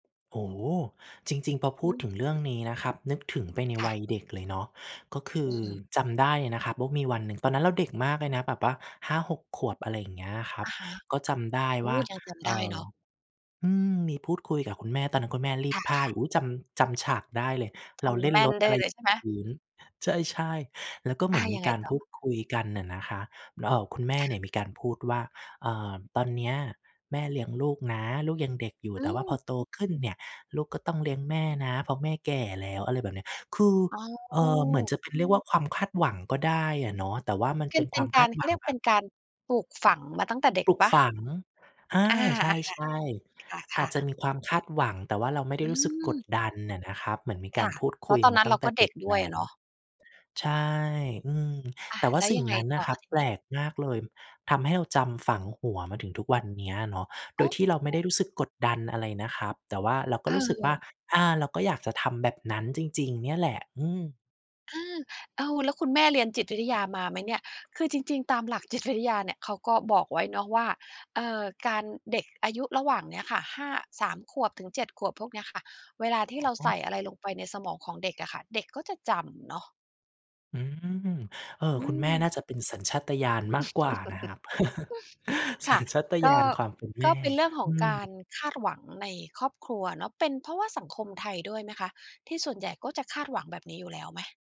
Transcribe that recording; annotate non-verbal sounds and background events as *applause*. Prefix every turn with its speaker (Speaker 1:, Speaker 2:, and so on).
Speaker 1: โอ้ จริง ๆ พอพ
Speaker 2: อื
Speaker 1: ูดถึ
Speaker 2: ม
Speaker 1: งเรื่องนี้นะครับ นึกถึงไปใน
Speaker 2: ค่
Speaker 1: ว
Speaker 2: ะ
Speaker 1: ัยเด็กเลยเนาะ ก็คื
Speaker 2: อื
Speaker 1: อ
Speaker 2: ม
Speaker 1: จำได้เลยนะครับว่ามีวันหนึ่ง ตอนนั้นเราเด็กมากเลยนะแบบว่า 5-6 ขวบ อะไรเงี้ยครั
Speaker 2: อ
Speaker 1: บ
Speaker 2: ะฮะ
Speaker 1: ก็จำได้
Speaker 2: โอ
Speaker 1: ว
Speaker 2: ้
Speaker 1: ่า
Speaker 2: ยังจำ
Speaker 1: เ
Speaker 2: ไ
Speaker 1: อ
Speaker 2: ด
Speaker 1: ่
Speaker 2: ้เ
Speaker 1: อ
Speaker 2: นาะ
Speaker 1: อืม มีพูดคุยกับคุณแม่ ตอนนั้นคุณแม่รี
Speaker 2: ค
Speaker 1: ด
Speaker 2: ่
Speaker 1: ผ้า
Speaker 2: ะ ๆ
Speaker 1: อยู่ อุ๊ย จำ จำฉากได้เลย
Speaker 2: จ
Speaker 1: เราเล
Speaker 2: ำ
Speaker 1: ่
Speaker 2: แม
Speaker 1: น
Speaker 2: ่
Speaker 1: ร
Speaker 2: น
Speaker 1: ถ
Speaker 2: ได
Speaker 1: อ
Speaker 2: ้
Speaker 1: ะไร
Speaker 2: เลย ใช่ไหม?
Speaker 1: พื้น ใช่ ๆ แล้วก็เ
Speaker 2: อ
Speaker 1: หมื
Speaker 2: า
Speaker 1: อนม
Speaker 2: ยั
Speaker 1: ี
Speaker 2: งไ
Speaker 1: ก
Speaker 2: ง
Speaker 1: าร
Speaker 2: ต่
Speaker 1: พู
Speaker 2: อ?
Speaker 1: ดคุยกันน่ะนะครับ แล้ว เอ่อ คุณแม่
Speaker 2: ค่
Speaker 1: เนี่
Speaker 2: ะ
Speaker 1: ยมีการพูดว่า "อ่า ตอนเนี้ยแม่เลี้ยงลูกนะ ลูกยังเด็กอยู่
Speaker 2: อื
Speaker 1: แต่ว่า
Speaker 2: ม
Speaker 1: พอโตขึ้นเนี่ย ลูกก็ต้องเลี้ยงแม่นะ เพราะแม่แก่แล้ว" อะไรแบบเนี้ย คือ
Speaker 2: อ๋
Speaker 1: เอ่อ เหมือน
Speaker 2: อ
Speaker 1: จะเป็นเรียกว่าความคาดหวังก็ได้อะเนาะ แต่ว่ามัน
Speaker 2: เป
Speaker 1: เ
Speaker 2: ็
Speaker 1: ป
Speaker 2: น
Speaker 1: ็น
Speaker 2: เป
Speaker 1: ค
Speaker 2: ็
Speaker 1: วา
Speaker 2: น
Speaker 1: ม
Speaker 2: ก
Speaker 1: ค
Speaker 2: า
Speaker 1: า
Speaker 2: ร
Speaker 1: ด
Speaker 2: เข
Speaker 1: หว
Speaker 2: า
Speaker 1: ั
Speaker 2: เรี
Speaker 1: ง
Speaker 2: ยก
Speaker 1: แบ
Speaker 2: เป็
Speaker 1: บ
Speaker 2: นการปลูกฝังมาตั้งแต่เด็ก
Speaker 1: ปลู
Speaker 2: เ
Speaker 1: ก
Speaker 2: ปล่า?
Speaker 1: ฝัง อา
Speaker 2: อา
Speaker 1: ใช่
Speaker 2: ๆ ค่ะ ค
Speaker 1: ๆ อ
Speaker 2: ่
Speaker 1: า
Speaker 2: ะ
Speaker 1: จจะ
Speaker 2: ๆ
Speaker 1: มีความคาดหวัง แต่ว่าเราไม่ได
Speaker 2: อ
Speaker 1: ้
Speaker 2: ื
Speaker 1: รู้สึก กด
Speaker 2: ม
Speaker 1: ดันอะนะครับ เหมือนมีก
Speaker 2: ค
Speaker 1: า
Speaker 2: ่
Speaker 1: ร
Speaker 2: ะ
Speaker 1: พูด
Speaker 2: เพ
Speaker 1: ค
Speaker 2: รา
Speaker 1: ุ
Speaker 2: ะ
Speaker 1: ย
Speaker 2: ตอน
Speaker 1: มา
Speaker 2: นั้น
Speaker 1: ต
Speaker 2: เ
Speaker 1: ั้
Speaker 2: รา
Speaker 1: งแต
Speaker 2: ก
Speaker 1: ่
Speaker 2: ็เ
Speaker 1: เ
Speaker 2: ด
Speaker 1: ด
Speaker 2: ็
Speaker 1: ็
Speaker 2: ก
Speaker 1: ก
Speaker 2: ด้
Speaker 1: แ
Speaker 2: ว
Speaker 1: ล
Speaker 2: ย
Speaker 1: ้
Speaker 2: อะเ
Speaker 1: ว
Speaker 2: นาะ
Speaker 1: ใช่ อืม
Speaker 2: อา
Speaker 1: แต่ว่
Speaker 2: แ
Speaker 1: า
Speaker 2: ล้ว
Speaker 1: สิ่
Speaker 2: ยั
Speaker 1: ง
Speaker 2: งไง
Speaker 1: นั้นน
Speaker 2: ต่
Speaker 1: ะ
Speaker 2: อ
Speaker 1: ครับ
Speaker 2: ที
Speaker 1: แป
Speaker 2: น
Speaker 1: ล
Speaker 2: ี้?
Speaker 1: กมากเลย ทำให้เราจำฝังหัวมาถึงทุกวันเนี้ยเนาะ โด
Speaker 2: อ๋
Speaker 1: ยที่เราไม่ไ
Speaker 2: อ
Speaker 1: ด้รู้สึกกดดันอะไรนะครับ แต่ว่าเราก็
Speaker 2: เ
Speaker 1: รู้สึกว่า
Speaker 2: ออ
Speaker 1: อา เราก็อยากจะทำแบบนั้นจริง ๆ เนี่ยแหละ อืม
Speaker 2: อา อ้าว แล้วคุณแม่เรียนจิตวิทยามาไหมเนี่ย คือจริง ๆ ตามหลักจิตวิทยาเนี่ยเขาก็บอกไว้เนาะว่า เอ่อ การ เด็กอายุระหว่างเนี้ยค่ะ ห้า 3 ขวบ ถึง 7 ขวบ พวกเนี้ยค่ะ เวลาที
Speaker 1: อ
Speaker 2: ่เราใส
Speaker 1: ๋อ
Speaker 2: ่อะไรลงไปในสมองของเด็กอะค่ะ เด็กก็จะจำเนาะ
Speaker 1: อืม เออ
Speaker 2: อื
Speaker 1: คุณแม่
Speaker 2: ม
Speaker 1: น่าจะเป็นสัญชาตญาณมาก
Speaker 2: *chuckles*
Speaker 1: กว่านะครับ *chuckles*
Speaker 2: ค
Speaker 1: สั
Speaker 2: ่ะ
Speaker 1: ญชาต
Speaker 2: ก
Speaker 1: ญา
Speaker 2: ็
Speaker 1: ณ ความเป็นแ
Speaker 2: ก
Speaker 1: ม
Speaker 2: ็
Speaker 1: ่
Speaker 2: เป็นเรื่องข
Speaker 1: อ
Speaker 2: อ
Speaker 1: ื
Speaker 2: งกา
Speaker 1: ม
Speaker 2: รคาดหวังในครอบครัวเนาะ เป็นเพราะว่าสังคมไทยด้วยไหมคะ ที่ส่วนใหญ่ก็จะคาดหวังแบบนี้อยู่แล้วไหม?